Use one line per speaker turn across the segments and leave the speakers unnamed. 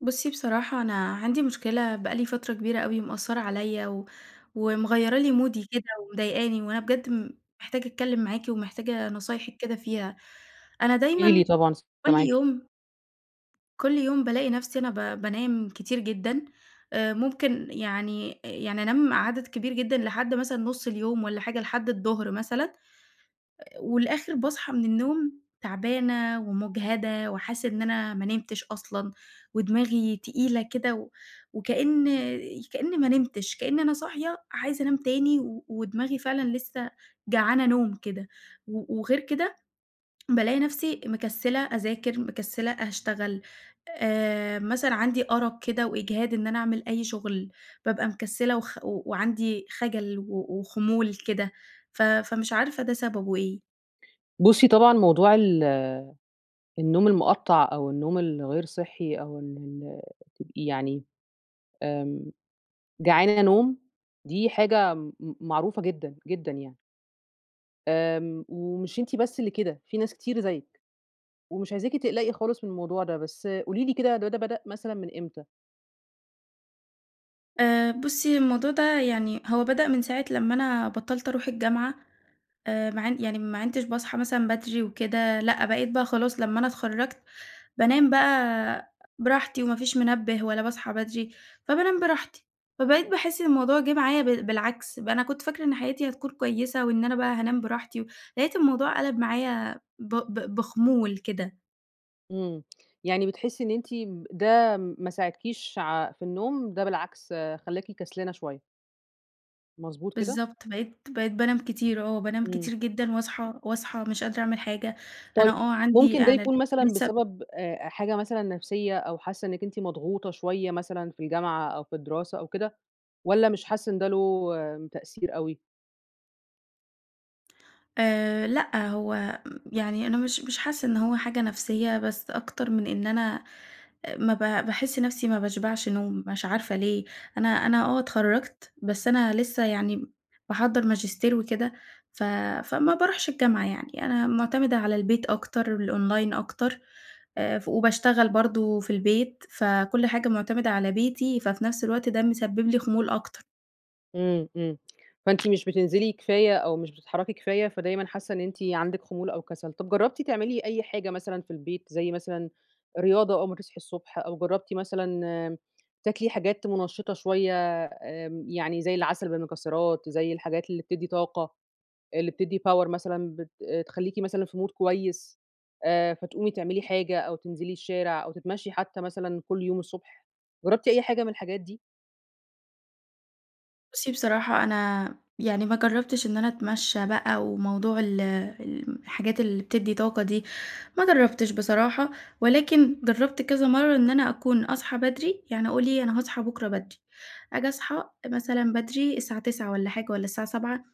بُصّي بصراحة أنا عندي مشكلة بقى لي فترة كبيرة أوي مأثّرة عليَّ و ومغيرة لي مودي كده ومضايقاني، وأنا بجد م محتاجة أتكلم معاكِ ومحتاجة نصايحِك كده فيها، أنا
قولي لي
دايمًا
طبعًا س
كل
سامعاكي.
يوم كل يوم بالاقي نفسي أنا ب بانام كتير جدًا، آآ ممكن يعني يعني أنام
امم.
عدد كبير جدًا لحد مثلًا نُص اليوم والّا حاجة، لحد الضهر مثلًا، والآخر باصحى من النوم تعبانة ومجهدة وحاسّة إن أنا ما نمتش أصلًا، ودماغي تقيلة كده و وكأن كأني ما نمتش، كأن أنا صاحية عايزة انام تاني و ودماغي فعلًا لسه جعانة نوم كده، و وغير كده بالاقي نفسي مكسلة أذاكر، مكسلة أشتغل، آآ مثلًا عندي أرق كده وإجهاد إن أنا أعمل أي شغل، بابقي مكسلة وخ و وعندي خجل و وخمول كده، ف فمش عارفة ده سببه إيه.
بُصّي طبعًا موضوع ال النوم المقطّع أو النوم الغير صحي أو ال ال يعني آمم جعانة نوم، دي حاجة م معروفة جدًا جدًا يعني. آمم ومش أنتِ بس اللي كده، في ناس كتير زيِّك ومش عايزاكِ تقلقي خالص من الموضوع ده، بس قولي لي كده الموضوع ده بدأ مثلًا من إمتى؟
آآ بُصّي الموضوع ده يعني هو بدأ من ساعة لما أنا بطّلت اروح الجامعة، آآ ما عن يعني ما عنتش باصحى مثلًا بدري وكده، لأ بقيت بقى خلاص لما أنا اتخرّجت بانام بقى براحتي، وما فيش منبة ولا باصحى بدري، فبانام براحتي، فبقيت باحس إن الموضوع جه معايا بال بالعكس، بقى أنا كنت فاكرة إن حياتي هتكون كويسة وإن أنا بقى هانام براحتي، لقيت الموضوع قَلَب معايا ب ب بخُمول كده.
إمم يعني بتحسي إن أنتِ م ده ما ساعدكيش ع في النوم ده بالعكس خلّاكِ كسلانة شوية؟ مضبوط كده؟
بالضبط، بقيت بقيت بانام كتير، آه بانام
إمم.
كتير جدًا، وأصحى وأصحى مش قادرة اعمل حاجة، أنا
طيب،
آه عندي.
ممكن ده يكون مثلًا
[unintelligible]
بسبب آآ آآ حاجة مثلًا نفسيّة، أو حاسّة إنِّك أنتِ مضغوطة شوية مثلًا في الجامعة أو في الدراسة أو كده، والّا مش حاسّة إن ده له تأثير أوي؟
آآ لأ هو م يعني أنا مش مش حاسّة إن هو حاجة نفسيّة، بس أكتر من إن أنا آآ ما ب باحس نفسي ما باشبعش نوم مش عارفة ليه؟ أنا أنا آه اتخرّجت، بس أنا لسه يعني باحضّر ماجستير وكده ف فما باروحش الجامعة، يعني أنا معتمدة على البيت أكتر والأونلاين أكتر، آآ ف وباشتغل برضه في البيت، فكل حاجة معتمدة على بيتي، ففي نفس الوقت ده مسبب لي خُمول أكتر.
إمم، إمم، فأنتِ مش بتنزلي كفاية أو مش بتتحركي كفاية، فدايمًا حاسة إن أنتِ عندِك خمول أو كسل، طب جربتِ تعملي أي حاجة مثلًا في البيت، زي مثلًا رياضة أول ما تصحي الصبح، أو جربتِ مثلًا امم تاكلي حاجات منشطة شوية آمم يعني زي العسل بالمكسرات، زي الحاجات اللي بتدي طاقة، اللي بتدي power، مثلًا بت تخليكِ مثلًا في mood كويس، آآ فتقومي تعملي حاجة أو تنزلي الشارع، أو تتمشي حتي مثلًا كل يوم الصبح، جربتِ أي حاجة من الحاجات دي؟
بُصي بصراحة أنا يعني ما جربتش إن أنا أتمشي بقي، وموضوع ال الحاجات اللي بتدي طاقة دي ما جربتش بصراحة، ولكن جربت كذا مرة إن أنا أكون أصحي بدري، يعني أقول إيه أنا هاصحى بكرة بدري، آجي أصحى مثلًا بدري الساعة 09:00 والّا حاجة، والّا الساعة 07:00،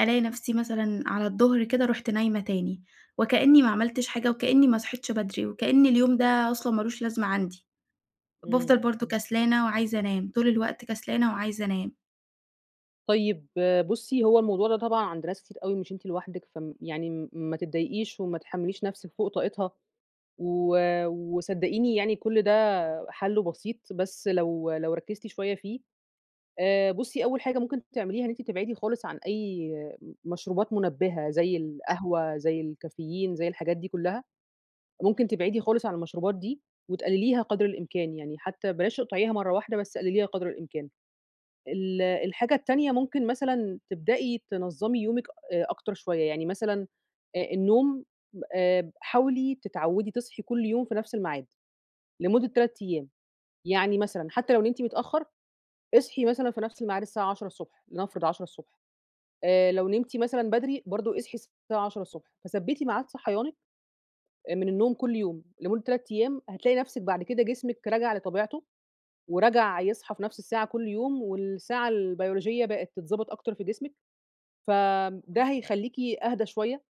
ألاقي نفسي مثلًا على الضهر كده رُحت نايمة تاني، وكأني ما عملتش حاجة، وكأني ماصحيتش بدري، وكأن اليوم ده أصلًا ما لوش لازمة عندي،
إمم
بافضل برضه
[unintelligible]
كسلانة وعايزة أنام طول الوقت كسلانة وعايزة أنام.
طيب بُصي هو الموضوع ده طبعًا عند ناس كتير أوي، مش أنتِ لوحدِك فم يعني ما تضّايقيش وما تحمليش نفسِك فوق طاقتها، و وصدّقيني يعني كل ده حله بسيط بس لو لو ركّزتِ شوية فيه. آآ بُصي أول حاجة ممكن تعمليها إن أنتِ تبعدي خالص عن أي مشروبات منبهة زي القهوة، زي الكافيين، زي الحاجات دي كلها، ممكن تبعدي خالص عن المشروبات دي وتقلليها قدر الإمكان، يعني حتى بلاش تقطعيها مرة واحدة، بس قلليها قدر الإمكان. ال الحاجة التانية ممكن مثلًا تبدئي تنظّمي يومِك أ أكتر شوية، يعني مثلًا آآ النوم آآ حاولي تتعودي تصحي كل يوم في نفس المعاد لمدة 3 أيام، يعني مثلًا حتى لو نمتِ متأخر، اصحي مثلًا في
[unintelligible]
نفس المعاد الساعة 10:00ص، لنفرض 10:00ص، آآ لو نمتِ مثلًا بدري برضه اصحي الساعة 10:00ص، فثبتي معاد صحيانك من النوم كل يوم لمدة 3 أيام، هتلاقي نفسِك بعد كده جسمِك رجع لطبيعته ورجع يصحي في نفس الساعة كل يوم، والساعة البيولوجية بقت تتضبّط أكتر في جسمِك، فده
[unintelligible]
هيخليكِ أهدى شوية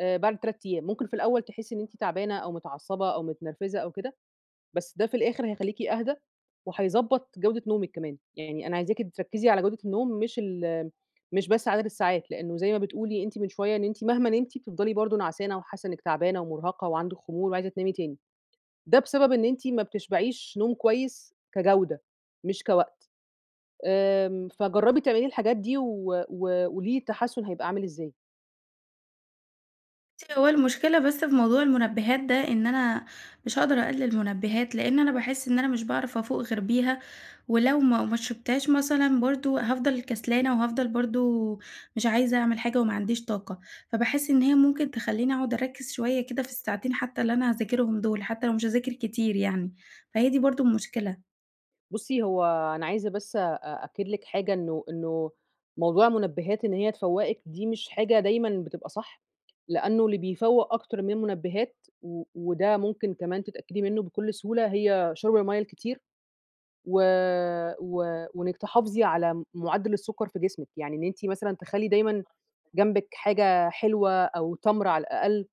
بعد 3 أيام، ممكن في الأول تحسّي إن أنتِ تعبانة أو متعصبة أو متنرفزة أو كده، بس ده في الآخر هيخليكِ أهدي وهيضبّط جودة نومِك كمان. يعني أنا عايزاكِ تركّزي على جودة النوم مش ال مش بس عدد الساعات، لأنه زي ما بتقولي أنتِ من شوية، إن أنتِ مهما نمتِ بتفضلي برضه نعسانة، وحاسة إنِّك تعبانة ومرهقة وعندِك خمول وعايزة تنامي تاني، ده بسبب إن أنتِ ما بتشبعيش نوم كويس كجودة مش كوقت، آمم فجربي تعملي الحاجات دي و وقولي لي التحسن هيبقي عامل إزاي.
بُصّي، هو المشكلة بس في موضوع المنبهات ده، إن أنا مش هاقدر أقلل منبهات، لإن أنا باحس إن أنا مش باعرف أفوق غير بيها. ولو ما ما شربتهاش مثلًا برضه، هافضل كسلانة، وهافضل برضه مش عايزة أعمل حاجة، وما عنديش طاقة. فباحس إن هي ممكن تخلّيني أقعد أركّز شوية كده في الساعتين حتى اللي أنا هاذاكرهم دول، حتى لو مش هاذاكر كتير يعني. فهي دي برضه المشكلة.
بُصّي، هو أنا عايزة بس أأكد لِك حاجة، إنه إنه موضوع المنبهات إن هي تفوّقِك دي مش حاجة دايمًا بتبقى صح، لأنه اللي بيفوّق أكتر من منبهات و وده ممكن كمان تتأكدي منه بكل سهولة، هي شُرب المَيّة الكتير. و و وإنِّك تحافظي على مُ معدّل السكر في جسمِك. يعني إن أنتِ مثلًا تخلّي دايمًا جنبِك حاجة حلوة، أو تَمْر على الأقل،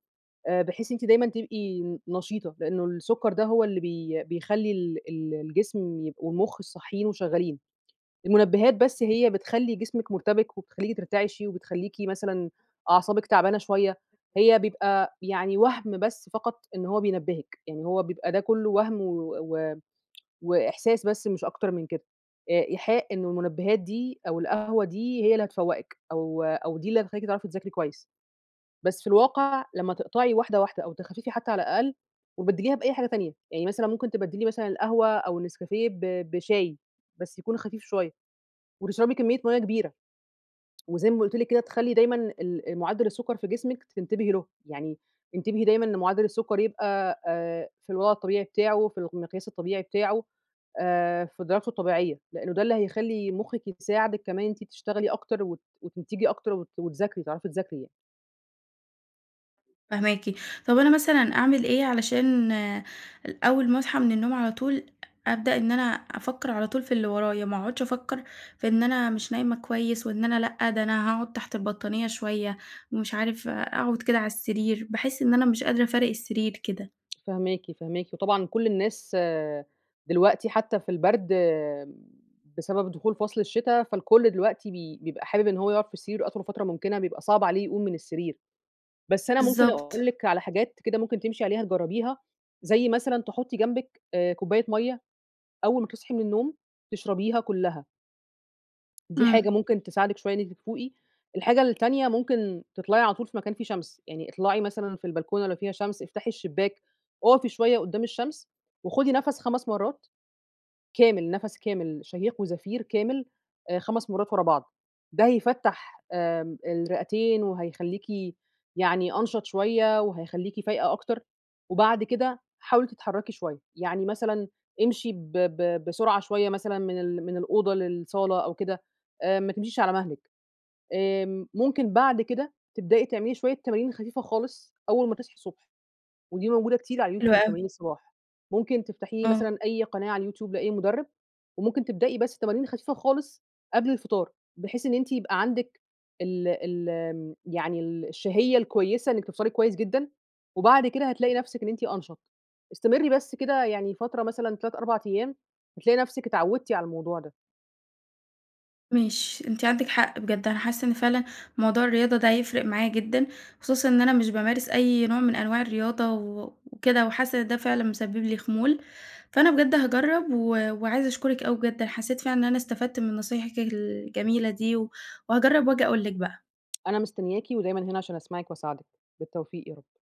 آآ بحيث إن أنتِ دايمًا تبقي ن نشيطة. لإنه السكر ده هو اللي بي بيخلّي ال ال الجسم يبق والمخ الصاحيين، وشغّالين. المنبهات بس هي بتخلّي جسمِك مرتبك، وبتخلّيكِ ترتعشي، وبتخلّيكِ مثلًا أعصابِك تعبانة شوية. هي بيبقى يعني وهْم بس فقط إن هو بينبّهِك. إن هو بيبقى ده كله وهم و و وإحساس بس مش أكتر من كده. آآ إيحاء إن المنبهات دي، أو القهوة دي، هي اللي هتفوّقِك، أو أو دي اللي هتخلّيكِ تعرفي تذاكري كويس. بس في الواقع لما تقطعي واحدة واحدة، أو تخففي حتى على الأقل، وتبدّليها بأي حاجة تانية. يعني مثلًا ممكن تبدّلي مثلًا القهوة، أو النسكافيه، ب بشاي، بس يكون خفيف شوية. وتشربي كمّية مَيّة كبيرة. وزي ما قُلت لِك كده، تخلّي دايمًا ال مُعدّل السكر في جسمِك تنتبهي له. يعني انتبهي دايمًا لمُعدّل السكر يبقى آآ في الوضع الطبيعي بتاعه، في الق المقياس الطبيعي بتاعه. آآ في درجته الطبيعية، لإنه ده اللي هيخلّي مُخِّك يساعدِك كمان إن أنتِ تشتغلي أكتر، وت وتنتجي أكتر، وت وتذاكري، وتعرفي تذاكري يعني.
فاهماكِ. طب أنا مثلًا أعمل إيه علشان أول ما أصحى من النوم على طول أبدأ إن أنا أفَكّر على طول في اللي ورايَا، ما أقعدش أفَكّر في إن أنا مش نايمة كويس، وإن أنا لأ ده أنا هاقعُد تحت البطانية شوية ومش عارف أقعد كده على السرير، باحس إن أنا مش قادرة أفارق السرير كده؟
فاهماكِ، فاهماكِ، وطبعًا كل الناس دلوقتي حتى في البرد بسبب دخول فصل الشتا، فالكل دلوقتي ب بيبقى حابب إن هو يقعد في سريره أطول فترة ممكنة، بيبقى صعب عليه يقوم من السرير، بس أنا ممكن
بالضبط.
أقول لِك على حاجات كده ممكن تمشي عليها تجَرّبيها، زي مثلًا تحُطّي جنبك آآ كُوبّاية مَيّة أول ما تصحي من النوم تشربيها كلها. دي حاجة
امم.
ممكن تساعدِك شوية إن أنتِ تفوقي، الحاجة التانية ممكن تطلعي على طول في مكان فيه شمس، يعني اطلعي مثلًا في البلكونة لو فيها شمس، افتحي الشباك، أُقفي شوية قُدّام الشمس وخدي نفس 5 مرّات، كامل نفس كامل شهيق وزفير كامل آآ 5 مرّات ورا بعض، ده هيفَتّح آمم
[unintelligible]
الرئتين وهيخليكِ يعني أنشط شوية، وهيخليكِ فايقة أكتر، وبعد كده حاولي تتحركي شوية، يعني مثلًا امشي ب ب بسرعة شوية مثلًا من ال من الأوضة للصالة أو كده، آآ ما تمشيش على مهلِك، آمم، ممكن بعد كده تبدئي تعملي شوية تمارين خفيفة خالص أول ما تصحي الصبح، ودي موجودة كتير على
حلو
اليوتيوب،
اوي.
تمارين الصباح، ممكن تفتحي
آه.
مثلًا أي قناة على اليوتيوب لأي مدرب، وممكن تبدئي بس تمارين خفيفة خالص قبل الفطار، بحيث إن أنتِ يبقى عندِك ال ال يعني ال الشهية الكويِّسة إنِّك تفطري كويس جدًا، وبعد كده هتلاقي نَفْسِك إن أنتِ أنْشَط. استمري بس كده يعني فترة مثلًا 3، 4 أيام، هتلاقي نفسِك اتعودتِ على الموضوع ده.
ماشي. أنتِ عندِك حق بجد، أنا حاسة إن فعلًا موضوع الرياضة ده هيفرق معايا جدًا، خصوصًا إن أنا مش بامارس أي نوع من أنواع الرياضة و وكده، وحاسة إن ده فعلًا مسبب لي خمول، فأنا بجد هاجرب و وعايزة أشكرِك أوي بجد، أنا حسّيت فعلًا إن أنا استفدت من نصايحِك الجميلة دي و وهاجرّب وآجي أقول لِك بقى.
أنا مستنياكِ ودايمًا هنا عشان أسمعِك وأساعدِك. بالتوفيق يا رب.